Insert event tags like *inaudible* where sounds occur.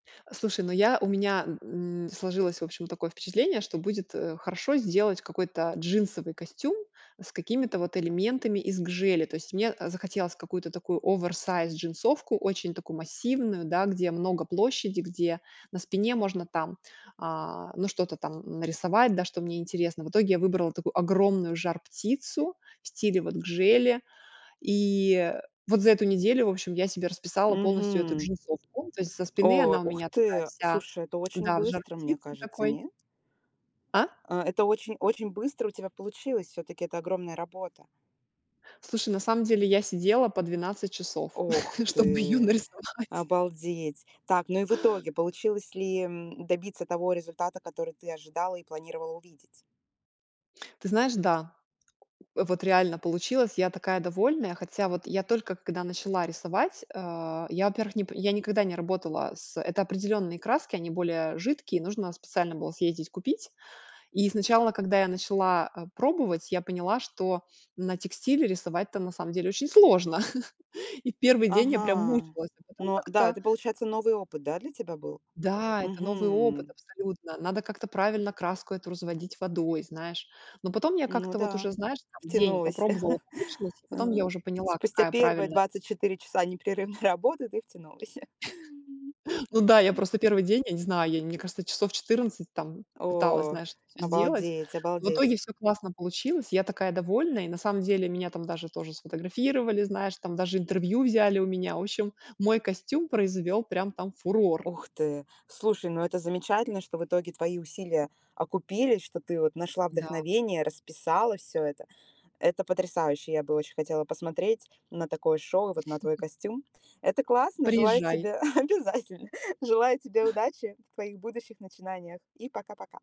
Слушай, ну я, у меня м м, сложилось, в общем, такое впечатление, что будет, э, хорошо сделать какой-то джинсовый костюм с какими-то вот элементами из гжели. То есть мне, э, захотелось какую-то такую оверсайз джинсовку, очень такую массивную, да, где много площади, где на спине можно там, а, ну, что-то там нарисовать, да, что мне интересно. В итоге я выбрала такую огромную жар-птицу в стиле вот гжели, и вот за эту неделю, в общем, я себе расписала полностью эту Мгм. джинсовку. То есть со спины О, она у ух меня такая ты! вся Слушай, это очень да, в быстро, мне жар-птице кажется, такой. нет? А? Э, это очень очень быстро у тебя получилось. Всё-таки это огромная работа. Слушай, на самом деле, я сидела по 12 часов, Ох *laughs* чтобы ее ты, нарисовать. обалдеть. Так, ну и в итоге получилось ли, м, добиться того результата, который ты ожидала и планировала увидеть? Ты знаешь, да. Вот реально получилось. Я такая довольная. Хотя вот я только когда начала рисовать, э, я, во-первых, нип я никогда не работала с Это определённые краски, они более жидкие, нужно специально было съездить купить. И сначала, когда я начала, э, пробовать, я поняла, что на текстиле рисовать-то, на самом деле, очень сложно. *chuckles* И в 1 день я прям Ага, мучилась, а потом ну да, как-то это получается новый опыт, да, для тебя был? Да, это новый опыт Мгм. абсолютно, надо как-то правильно краску эту разводить водой, знаешь, но потом я Ну как-то вот да, уже, знаешь, там, день втянулась. попробовала, *chuckles* помучилась, и потом я Э, уже поняла, спустя какая первые правильная 24 часа непрерывной работы ты втянулась. *chuckles* *chuckles* Ну да, я М. просто 1 день, я не знаю, я, мне кажется, часов 14 там пыталась, Ох, знаешь, это всё сделать. обалдеть, В обалдеть. итоге всё классно получилось. Я такая довольная и, на самом деле, меня там даже тоже сфотографировали, знаешь, там даже интервью взяли у меня. В общем мой костюм произвел прям там фурор. Ух ты! Слушай, ну это замечательно, что в итоге твои усилия окупились, что ты вот нашла Да. вдохновение, расписала всё это. Это потрясающе. Я бы очень хотела посмотреть на такое шоу, и вот на твой *chuckles* костюм. Это классно. Желаю Приезжай. тебе *chuckles* Обязательно! Желаю тебе удачи в твоих будущих начинаниях. И пока-пока!